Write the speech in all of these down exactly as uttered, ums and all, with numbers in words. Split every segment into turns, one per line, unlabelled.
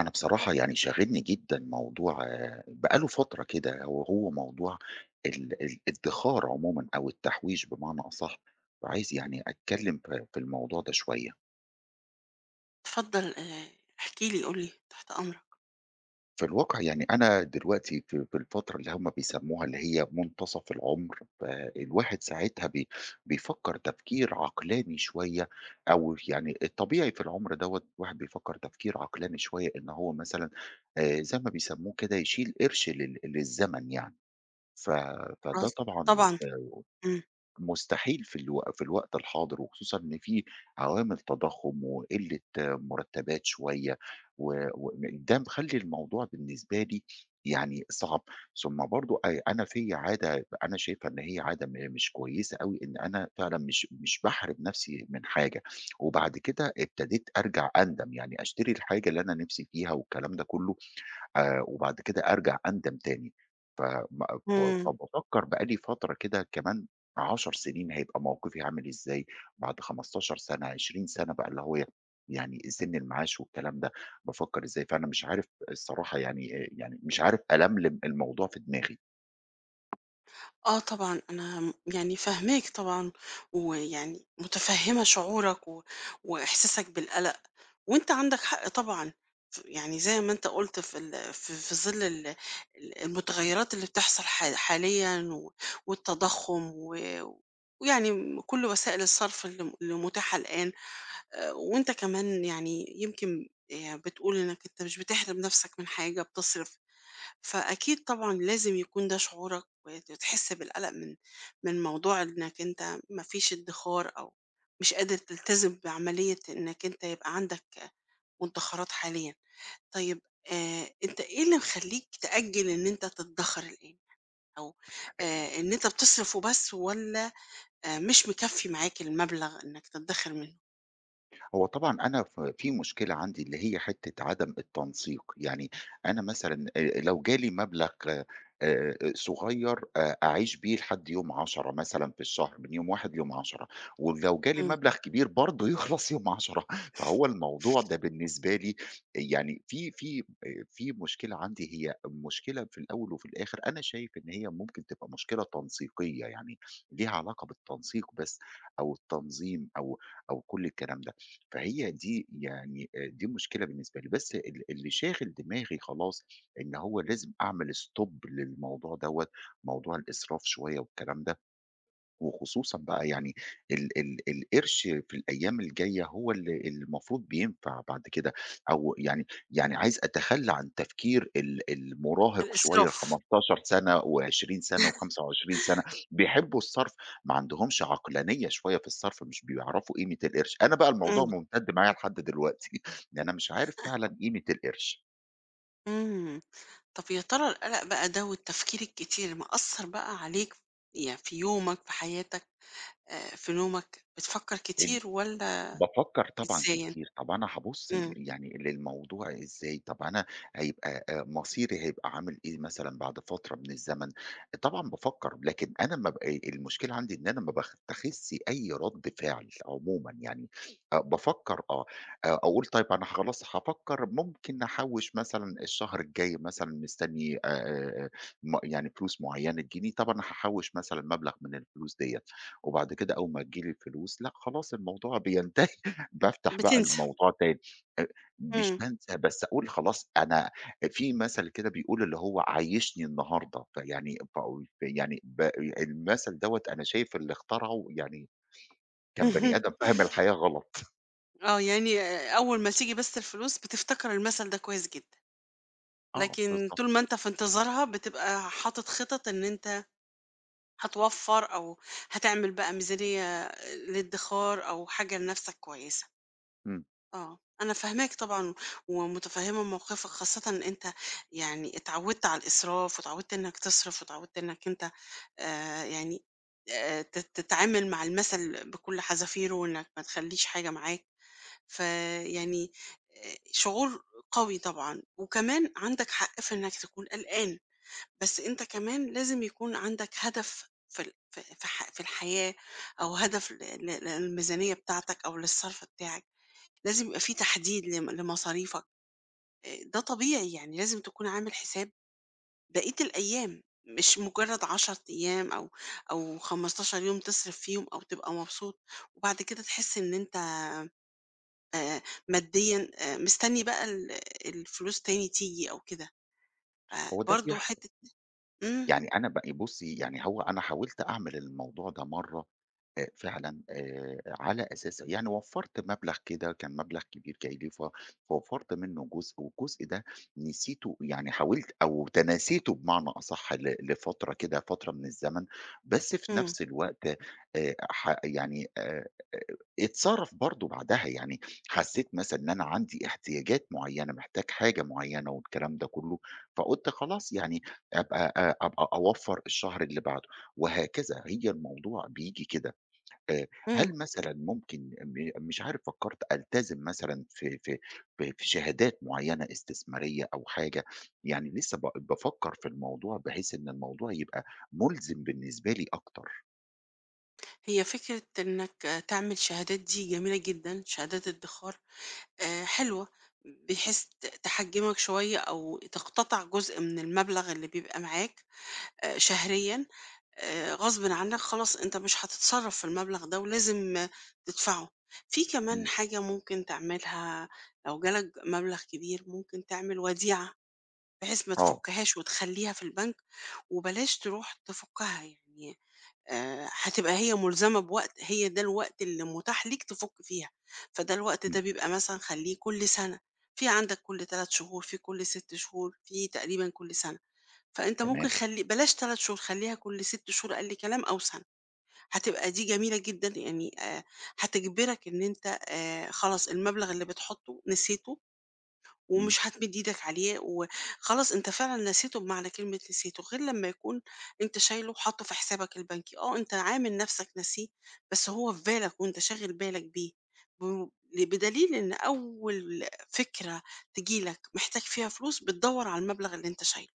أنا بصراحة يعني شاغلني جدًا موضوع بقى له فترة كده، ه هو موضوع ال ال الإدخار عمومًا أو التحويش بمعنى أصح. فعايز يعني أتكلم ف في الموضوع ده شوية.
اتفضل، آآ، احكِ لي، قُل لي، تحت أمرك.
في الواقع يعني أنا دلوقتي في في الفترة اللي هُم بيسموها اللي هي منتصف العمر، فالواحد ساعتها بي بيفكر تفكير عقلاني شوية أو يعني الطبيعي في العمر دوّة الواحد بيفكر تفكير عقلاني شوية إن هو مثلًا، آآ، زي ما بيسموه كده يشيل قرش لل للزمن يعني. ف فده
[unintelligible]
طبعًا
طبعًا. إمم.
مستحيل في الو في الوقت الحاضر وخصوصًا إن في عوامل تضخّم وقِلة مُرتبات شوية و وده مخلّي الموضوع بالنسبة لي يعني صعب، ثم برضو أ أنا فيا عادة، أنا شايفها إن هي عادة م مش كويسة أوي إن أنا فعلًا مش مش باحرِم نفْسي من حاجة وبعد كده ابتديت أرجع أندم، يعني أشتري الحاجة اللي أنا نفْسي فيها والكلام ده كله، آآ، وبعد كده أرجع أندم تاني. ف م ف
إمم.
فبافكر بقى لي فترة كده كمان عشر سنين هيبقى موقفي عامل إزاي! بعد خمستاشر سنة، عشرين سنة بقى اللي هو يعني سن المعاش والكلام ده، بافكر إزاي! فأنا مش عارف الصراحة يعني، آآ، يعني مش عارف ألملم الموضوع في دماغي.
آه، طبعًا، أنا، م يعني، فاهماك طبعًا، ويعني متفهّمة شعورك و وإحساسك بالقلَق، وأنت عندك حق طبعًا، ف يعني، زي ما أنت قُلت في ال ف في ظِل ال ال المتغيّرات اللي بتحصَل حال حاليًا و والتضخُّم، و ويعني، م كلّ وسائل الصّرف اللي م اللي متاحة الآن، آآ، وأنت كمان، يعني، يمكن، آآ، بتقول إنك أنت مش بتحرِم نَفسك من حاجة بتصرِف، فأكيد طبعًا لازم يكون ده شعورك، وت تحس بالقلَق من من موضوع إنك أنت ما فيش إدّخار أو مش قادر تلتزم بعملية إنك أنت يبقى عندك، آآ، مدّخَرات حاليًا. طيب، آآ، أنت إيه اللي مخلّيك تأجّل إن أنت تتدخَر الآن؟ أو،
[unintelligible]
آآ، إن أنت بتصرِف وبس والَّا، آآ، مش مكفّي معاك المبلَغ إنك تتدخِر منُّه؟
هو طبعًا أنا ف في مشكلة عندي اللي هي حِتّة عدَم التنسيق. يعني أنا مثلًا، آآ، لو جالي مبلَغ، آآ، صغيّر، آآ، أعيش بيه لحد يوم عشرة مثلًا في الشهر، من يوم واحد ليوم عشرة. ولو جالي
امم.
مبلَغ كبير برضه يخلَص يوم عشرة فهو الموضوع ده بالنسبة لي يعني في في، آآ، في مشكلة عندي، هي مشكلة في الأول وفي الآخِر أنا شايف إن هي ممكن تبقى مشكلة تنسيقيّة، يعني ليها علاقة بالتنسيق بس أو التنظيم أو أو كلّ الكلام ده. فهي دي يعني، آآ، دي المشكلة بالنسبة لي. بس ال اللي شاغِل دماغي خلاص إن هو لازم أعمل stop للموضوع دوّة، موضوع الإسراف شوية والكلام ده، وخصوصًا بقى يعني ال ال القِرش في الأيام الجايّة هو ال المفروض بينفَع بعد كده، أو يعني يعني عايز أتخلّى عن تفكير ال ال المراهِق شوية
الإسراف.
الخمستاشر سَنَة وعشرين سَنَة وخمسة وعشرين سَنَة. بيحبّوا الصَّرف، ما عندهمش عقلانية شوية في الصَّرف، مش بيعرَفوا قيمة القِرش. أنا بقى الموضوع
امم.
مُمتد معايا لحد دلوقتي أنا مش عارف فعلًا قيمة القِرش.
إمم. طَب يا ترى القلَق بقى ده والتفكير الكتير مأثّر بقى عليك يع في يومك، في حياتك آآ، في نومك؟ بتفكّر
إمم،
كتير والّا
بافكّر طبعًا
بتنساه؟
كتير، طبعًا هابُص ل
إمم.
يعني للموضوع إزاي، طَب أنا هيبقى آآ مصيري هيبقى عامل إيه مثلًا بعد فترة من الزمن، طبعًا بافكّر لكن أنا ما ب أ المشكلة عندي إن أنا ما باتّخِذش أي رَد فِعل عمومًا، يعني آآ بافكّر، آه آآ أقول طيب أنا خلاص هافكّر ممكن أحوّش مثلًا الشهر الجاي مثلًا، مستنّي آآ، م يعني فلوس معينة تيجي لي، طَب أنا هاحوّش مثلًا مبلَغ من الفلوس ديّة وبعد كده أول ما تيجي لي الفلوس لأ خلاص، الموضوع بينتهي، بافتح بقى
بتنسى.
الموضوع تاني آآ، مش
إمم.
بانسى بس أقول خلاص، أنا في مَثَل كده بيقول اللي هو "عيّشني النهارده." فيعني باقول، فيعني ب المَثَل دوّة أنا شايف اللي اخترعه يعني كان بني آدم فاهم الحياة غلَط
آه، يعني آآ أول ما تيجي بس الفلوس بتفتكر المَثَل ده كويس جدًا،
آه،
لكن
الضبط.
طول ما أنت في انتظارها بتبقى حاطط خِطَط إن أنت هتوفّر أو هتعمل بقى ميزانيّة آآ للإدخار أو حاجة لنَفسك كويسة.
إمم.
آه، أنا فاهماك طبعًا ومتفهّمة موقِفك خاصةً إن أنت يعني اتعوّدت على الإسراف واتعوّدت إنك تصرِف واتعوّدت إنك أنت آآ يعني آآ ت تتعامل مع المَثَل بكلّ حزافيره وإنك ما تخلّيش حاجة معاك، ف يعني آآ شعور قوي طبعًا وكمان عندك حق في إنك تكون قلقان، بس أنت كمان لازم يكون عندك هدف في ال في ال في الح في الحياة أو هدف لل لل للميزانية بتاعتك أو للصَرف بتاعك، لازم يبقى فيه تحديد لم لمصاريفك آآ، ده طبيعي يعني، لازم تكون عامل حساب بقية الأيام، مش مجرّد عَشَر أيام أو أو خمستاشر يوم تصرِف فيهم أو تبقى مبسوط، وبعد كده تحس إن أنت آآ ماديًا آآ مستنّي بقى ال الفلوس تاني تيجي أو كده،
هو ده
فبرضه
بيحصَل.
حِتّة إمم.
يعني أنا ب بُصّي، يعني هو أنا حاولت أعمل الموضوع ده مرّة آآ فعلًا آآ على أساس يعني وفّرت مبلَغ كده كان مبلَغ كبير جاي لي، ف فوفّرت منُّه جزء والجزء ده نسيته، يعني حاولت أو تناسيته بمعنى أصَح ل لفترة كده فترة من الزمن، بس في
إمم.
نفس الوقت آآ، ح يعني آآ اتصرَف برضه بعدها، يعني حسّيت مثلًا إن أنا عندي احتياجات معيّنة، محتاج حاجة معيّنة والكلام ده كلّه، فقُلت خلاص يعني أبقى آآ، أبقى أوفّر الشهر اللي بعده وهكذا، هي الموضوع بييجي كده آآ،
إمم.
هل مثلًا ممكن م مش عارف فكرّت ألتزم مثلًا في في في في شهادات معيّنة استثمارية أو حاجة، يعني لسه ب بافكر في الموضوع بحيث إن الموضوع يبقى ملزِم بالنسبة لي أكتر.
هي فكرة إنك، آآ، تعمل شهادات دي جميلة جدًا، شهادات إدّخار، آآ، حلوة، ب بحيث ت تحجّمك شوية أو تقتطِع جزء من المبلَغ اللي بيبقى معاك، آآ، شهريًا، آآ، غصبٍ عنك خلاص أنت مش هتتصرّف في المبلَغ ده ولازم تدفَعه. فيه كمان
امم.
حاجة ممكن تعملها لو جالك مبلَغ كبير، ممكن تعمل وديعة بحيث ما
آه.
تفكّهاش وتخلّيها في البنك وبلاش ترُوح تفكّها يعني، آآ، هتبقى هي ملزَمة بوقت، هي ده الوقت اللي مُتاح ليك تفُك فيها، فده الوقت ده
امم.
بيبقى مثلًا خلّيه كلّ سَنَة، فيه عندك كلّ تلات شهور، فيه كلّ ست شهور، فيه تقريبًا كلّ سَنَة. فأنت ممكن
تمام.
خلّي بلاش تلات شهور، خلّيها كلّ ست شهور أقل كلام أو سَنَة. هتبقى دي جميلة جدًا يعني، آآ، هتجبِرك إن أنت، آآ، خلاص المبلَغ اللي بتحطّه نسيته
امم.
ومش هتمِد إيدك عليه، و خلاص أنت فعلًا نسيته بمعنى كلمة نسيته، غير لما يكون أنت شايله وحاطّه في حسابك البنكي. آه، أنت عامل نَفسك ناسيه، بس هو في بالك وأنت شاغل بالك بيه، بم بدليل إن أول آآ، فكرة تيجي لك محتاج فيها فلوس بتدوّر على المبلَغ اللي أنت شايله.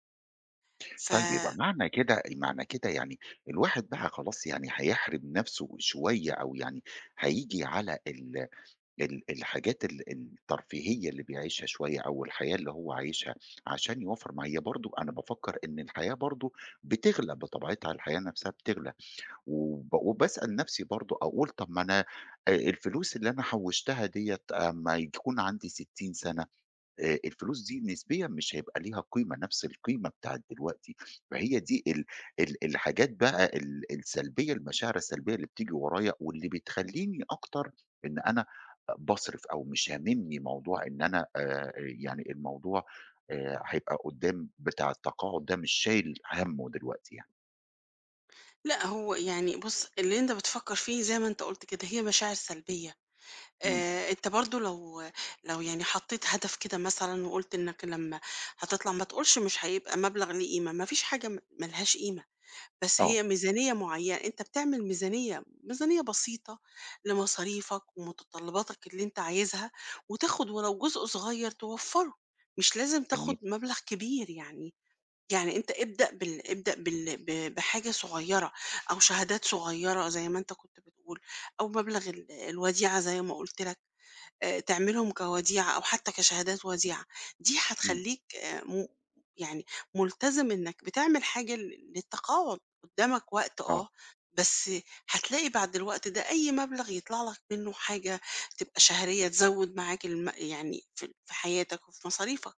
ف
طيب، يبقى معنى كده، معنى كده يعني الواحد بقى خلاص، يعني هيحرِم نَفسه شوية أو يعني هييجي على ال ال الحاجات ال الترفيهية اللي بيعيشها شوية أو الحياة اللي هو عايشها عشان يوفّر مع هي برضه، أنا بافكّر إن الحياة برضه بتغلى بطبيعتها، الحياة نَفسها بتغلى. وب وباسأل نفسي برضه أقول طَب ما أنا، آآ، الفلوس اللي أنا حوّشتها ديّة، آآ، أمّا يكون عندي ستّين سنة، آآ، الفلوس دي نسبيًا مش هيبقى ليها قيمة، نفس القيمة بتاعة دلوقتي. فهي دي ال ال الحاجات بقى ال السلبية، المشاعر السلبية اللي بتيجي ورايا واللي بتخلّيني أكتر إن أنا باصرِف أو مش هامِمني موضوع إن أنا، آآ، آآ يعني الموضوع، آآ، هيبقى قُدّام بتاع التقاعد ده مش شايل همُّه دلوقتي يعني.
لأ، هو يعني بُصّ، اللي أنت بتفكّر فيه زي ما أنت قُلت كده، هي مشاعر سلبيّة.
امم.
آآ، أنت برضه لو لو يعني حطّيت هدف كده مثلًا وقُلت إنك لما هتطلَع ما تقولش مش هيبقى مبلَغ له قيمة، ما فيش حاجة م ما لهاش قيمة، بس
آه.
هي ميزانية معيّنة، أنت بتعمل ميزانية، ميزانية بسيطة لمصاريفك ومتطلّباتك اللي أنت عايزها، وتاخد ولو جزء صغيّر توفّره، مش لازم تاخد
جميل.
مبلَغ كبير يعني. يعني أنت ابدأ بال ابدأ بال ب بحاجة صغيّرة أو شهادات صغيّرة زي ما أنت كنت بتقول، أو مبلَغ ال الوديعة زي ما قُلت لك، آآ، تعملهم كوديعة أو حتى كشهادات وديعة، دي
امم.
هتخلّيك، آآ، م يعني ملتزِم إنك بتعمل حاجة لل للتقاعد، قُدّامك وقت
آه.
آه، بس هتلاقي بَعد الوقت ده أي مبلغ يطلَع لك منه حاجة تبقى شهرية تزوّد معاك الـم يعني في في حياتك وفي مصاريفك.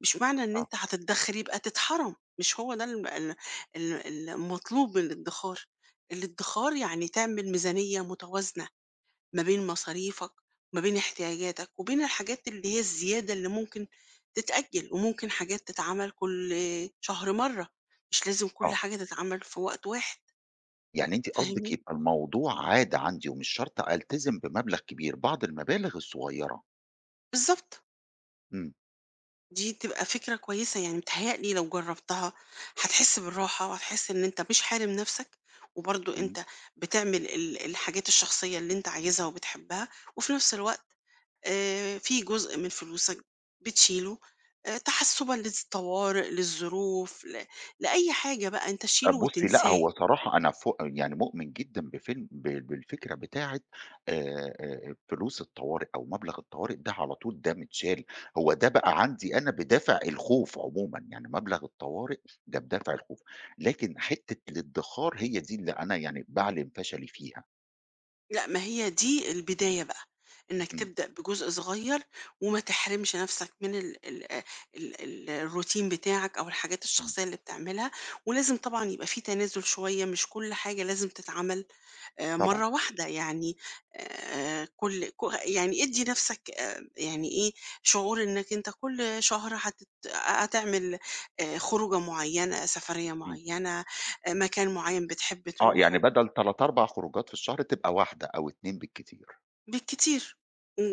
مش معنى إن
آه.
أنت هتتدخِر يبقى تتحرَم، مش هو ده الم ال ال المطلوب من الإدّخار. الإدّخار يعني تعمل ميزانية متوازنة ما بين مصاريفك، ما بين احتياجاتك، وبين الحاجات اللي هي الزيادة اللي ممكن تتأجّل، وممكن حاجات تتعمل كلّ شهر مرّة، مش لازم كلّ
آه.
حاجة تتعمل في وقت واحد.
يعني أنتِ قصدِك
فاهمني؟
يبقى الموضوع عادة عندي ومش شرْط ألتزم بمبلَغ كبير، بعض المَبالغ الصغيّرة.
بالضبط.
امم.
دي تبقى فكرة كويسة، يعني متهيأ لي لو جربتها هتحس بالراحة وهتحس إن أنت مش حارم نفسك، وبرضو
امم.
أنت بتعمل ال الحاجات الشخصية اللي أنت عايزها وبتحبها، وفي نفس الوقت، آآ، في جزء من فلوسك بتشيله، آآ، تحسبًا للطوارئ، للظروف، ل لأي حاجة بقى، أنت شيله
طَب بُصي لأ،
وتنساه.
هو صراحة أنا ف يعني مؤمن جدًا بفيلم ب بالفكرة بتاعة، آآ، فلوس الطوارئ أو مبلغ الطوارئ ده على طول ده متشال. هو ده بقى عندي أنا بدافع الخوف عمومًا، يعني مبلغ الطوارئ ده بدافع الخوف. لكن حتة الادخار هي دي اللي أنا يعني باعلن فشلي فيها.
لأ، ما هي دي البداية بقى، أنك
امم.
تبدأ بجزء صغير وما تحرمش نفْسك من ال ال ال الRoutine بتاعك أو الحاجات
امم.
الشخصية اللي بتعملها، ولازم طبعًا يبقى في تنازل شوية، مش كل حاجة لازم تتعمل، آآ،
طبعًا.
مرّة واحدة يعني، آآ، كل ك يعني ادي نفْسك، آآ، يعني إيه، شعور أنك أنت كل شهر هتت هتعمل، آآ، خروجة معينة، سفرية
امم.
معينة، آآ، مكان معين بتحب
آه، يعني
تروحه.
بدل تلت أربع خروجات في الشهر تبقى واحدة أو اتنين بالكتير.
بالكتير،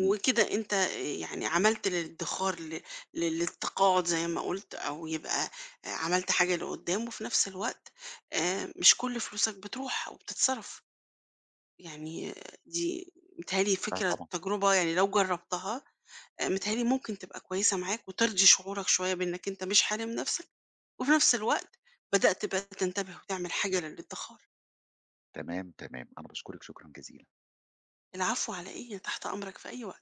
امم.
أنت يعني عملت للادخار ل للتقاعد زي ما قُلت، أو يبقى، آآ، عملت حاجة لقدام، وفي نفس الوقت، آآ، مش كل فلوسك بتروح أو بتتصرف. يعني دي متهيأ لي
لا
فكرة
طبعًا.
تجربة يعني لو جربتها، آآ، متهيأ لي ممكن تبقى كويسة معاك وترضي شعورك شوية بأنك أنت مش حارم نفْسك، وفي نفس الوقت بدأت تبقى تنتبه وتعمل حاجة للادخار.
تمام، تمام. أنا باشكرِك شكرًا جزيلًا.
العفو على إيه؟ أنا تحت أمرك في أي وقت.